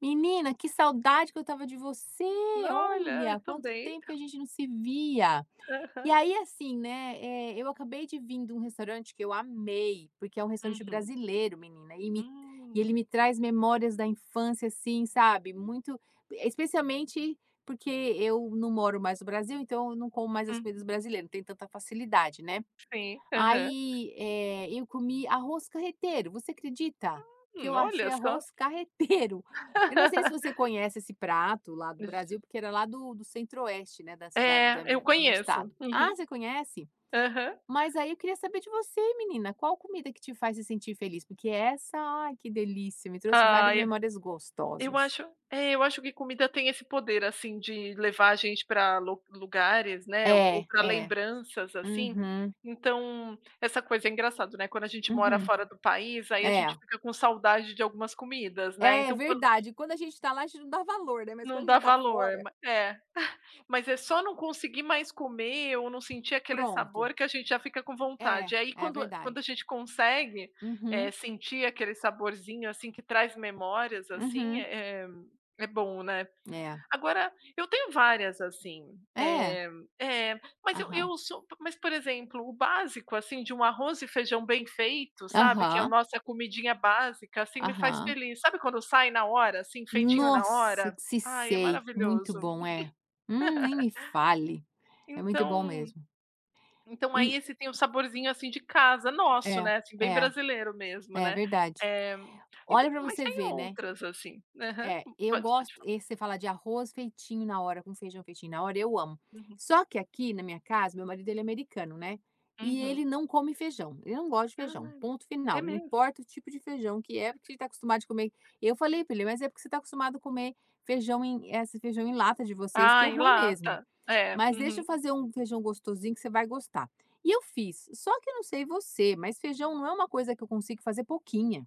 Menina, que saudade que eu estava de você! N olha, eu Olha, quanto também. tempo que a gente não se via! E Aham. aí, assim, né, eh, eu acabei de vim de um restaurante que eu amei, porque é um restaurante Uhum. brasileiro, menina e me e Hum ele me traz memórias da infância, assim, sabe, muito p especialmente porque eu não moro mais no Brasil, então, eu não como mais as comidas Uhum. brasileiras. Não tenho tanta facilidade, né. Sim. Aham. Aí, eh, eu comi arroz carreteiro, você acredita? Que eu Ah, achei olha só! arroz carreteiro! Eu não sei se você conhece esse prato lá do Brasil [unintelligible] porque ele é lá do do Centro-Oeste, né, da cidad da É, eu minha do meu estado. conheço, Ah, uhum. você conhece? Aham. Mas aí, eu queria saber de você, menina. Qual comida que te faz se sentir feliz? Porque essa ai, que delícia. Me trouxe várias Ai eu memórias eu gostosas. acho é, eu acho que comida tem esse poder, assim, de levar a gente pra lo lugares, né, ou p É, pra é. lembranças, assim, Uhum. então, essa coisa é engraçada, né. Quando a gente mora Uhum. fora do país, aí a gente É. fica com saudade de algumas comidas, né. É, Então quando verdade. Quando a gente tá lá, a gente não dá valor, né. Mas Não quando a dá gente tá valor. fora Ma é. Mas é só não conseguir mais comer ou não sentir aquele Pronto. sabor, que a gente já fica com vontade. É. E aí É quando quando verdade. a gente consegue, eh, Uhum. sentir aquele saborzinho, assim, que traz memórias, assim, Uhum. é é é bom, né. É. Agora, eu tenho várias, assim. É. Eh, é. Mas, eu Aham. eu sou p mas, por exemplo, o básico, assim, de um arroz e feijão bem feito, sabe, que é a Aham. nossa comidinha básica, assim, me faz Aham. feliz. Sabe quando sai na hora, assim, feitinho na Nossa, hora? que se Ai, é sei. Muito maravilhoso. bom, é. Hum, nem me fale. É muito bom Então mesmo. então aí, E esse tem o saborzinho, assim, de casa nosso, É, né, assim, bem é. brasileiro mesmo, É né, verdade. Eh, e Olha tem pra mas você tem ver, né. outras, assim. Aham. É. Eu Pode pode gosto falar. esse, você fala de arroz feitinho na hora, com feijão feitinho na hora, eu amo. Uhum. Só que aqui, na minha casa, o meu marido, ele é americano, né. E Uhum. ele não come feijão. Ele não gosta de feijão. Ai, Ponto é final. Não mesmo? importa o tipo de feijão que é porque ele tá acostumado de comer eu falei pra ele: "Mas é porque você tá acostumado a comer feijão em, eh, esse feijão em lata de vocês, que é Ai, em ruim mesmo. lata. É, Mas, deixa uhum. eu fazer um feijão gostosinho que você vai gostar." E eu fiz. Só que eu não sei você, mas feijão não é uma coisa que eu consigo fazer pouquinho.